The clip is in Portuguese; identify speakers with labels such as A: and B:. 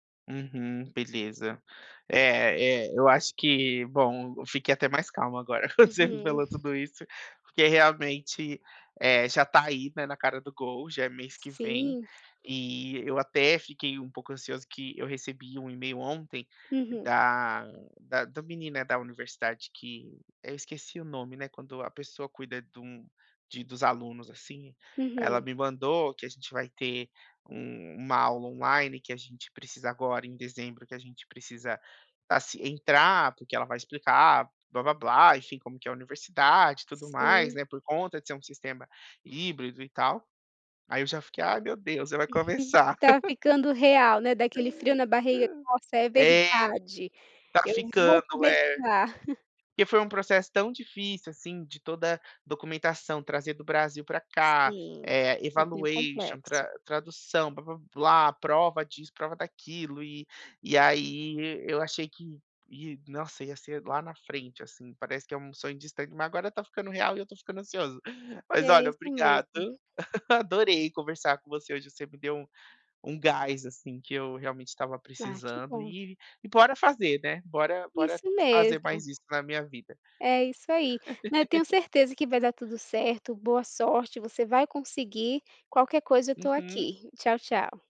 A: Uhum, beleza, é é, eu acho que, bom, eu fiquei até mais calmo agora quando você me
B: Uhum.
A: falou tudo isso, porque realmente, eh, já tá aí, né, na cara do gol, já é mês que vem,
B: Sim.
A: e eu até fiquei um pouco ansioso, que eu recebi um email ontem
B: Uhum.
A: da, da da menina da universidade que eu esqueci o nome, né, quando a pessoa cuida de um de dos alunos, assim, ela
B: Uhum.
A: me mandou que a gente vai ter, uma aula online que a gente precisa agora em dezembro, que a gente precisa, assim, entrar, porque ela vai explicar, blá blá blá, enfim, como que é a universidade e tudo mais,
B: Sim.
A: né, por conta de ser um sistema híbrido e tal, aí eu já fiquei, "Ai meu, Deus, já vai começar".
B: Tá ficando real, né, dá aquele frio na barriga, nossa, é
A: É,
B: verdade,
A: tá
B: eu vou
A: ficando, é,
B: começar.
A: porque foi um processo tão difícil, assim, de toda documentação trazer do, Brasil pra cá,
B: Sim, é bem
A: evaluation
B: complexo.
A: tra tradução, blá blá blá, prova disso, prova daquilo e e aí eu achei que, nossa, ia ser lá na frente, assim, parece que é um sonho distante, mas agora tá ficando real e eu tô ficando ansioso, mas
B: É
A: olha,
B: isso
A: obrigado,
B: mesmo.
A: adorei conversar com você hoje, você me deu um gás, assim, que eu realmente estava
B: Ah, que
A: precisando
B: bom.
A: e bora fazer, né, bora, bora
B: Isso
A: fazer
B: mesmo.
A: mais isso na minha vida.
B: É isso ai, mas eu tenho certeza que vai dar tudo certo, boa sorte, você vai conseguir, qualquer coisa eu tô
A: Uhum.
B: aqui, tchau, tchau.